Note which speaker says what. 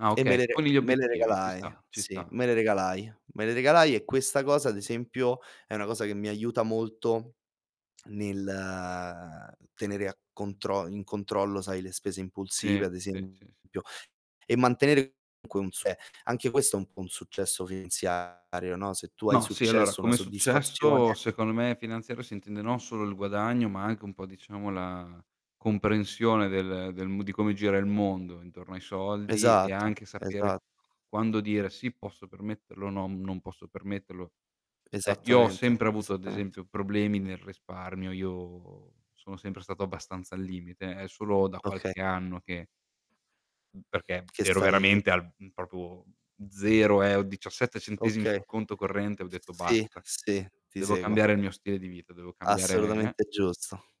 Speaker 1: Ah
Speaker 2: E me
Speaker 1: okay,
Speaker 2: le
Speaker 1: ti
Speaker 2: re
Speaker 1: poni gli
Speaker 2: me le
Speaker 1: obiettivi, ci sta,
Speaker 2: regalai,
Speaker 1: ci
Speaker 2: sì,
Speaker 1: sta,
Speaker 2: me le
Speaker 1: ci sta.
Speaker 2: regalai. Me le regalai e questa cosa, ad esempio, è una cosa che mi aiuta molto nel tenere a contro in controllo, sai, le spese
Speaker 1: Sì,
Speaker 2: impulsive, ad
Speaker 1: sì, sì, s
Speaker 2: esempio, e mantenere comunque un se anche questo è un po' un successo finanziario, no, se tu hai
Speaker 1: No, sì, allora
Speaker 2: successo, una
Speaker 1: come successo,
Speaker 2: soddisfazione
Speaker 1: secondo me finanziario, si intende non solo il guadagno ma anche un po' diciamo la comprensione del del m di come gira il mondo intorno ai soldi e
Speaker 2: Esatto,
Speaker 1: anche sapere
Speaker 2: esa
Speaker 1: quando dire: "Sì, posso permetterlo", "No, non posso permetterlo". Eh, io ho
Speaker 2: Esattamente,
Speaker 1: sempre avuto ad
Speaker 2: esattamente.
Speaker 1: esempio problemi nel risparmio, io sono sempre stato abbastanza al limite. È solo da
Speaker 2: Oka
Speaker 1: qualche anno che Mh, perché
Speaker 2: Che
Speaker 1: ero
Speaker 2: stai
Speaker 1: veramente al mhmm, proprio 0 eh, ho 17 centesimi
Speaker 2: Okay.
Speaker 1: sul conto corrente, ho detto:
Speaker 2: Sì,
Speaker 1: "Basta,
Speaker 2: sì, ti
Speaker 1: devo
Speaker 2: seguo.
Speaker 1: cambiare il mio stile di vita, devo cambiare, eh"
Speaker 2: Assolutamente giusto.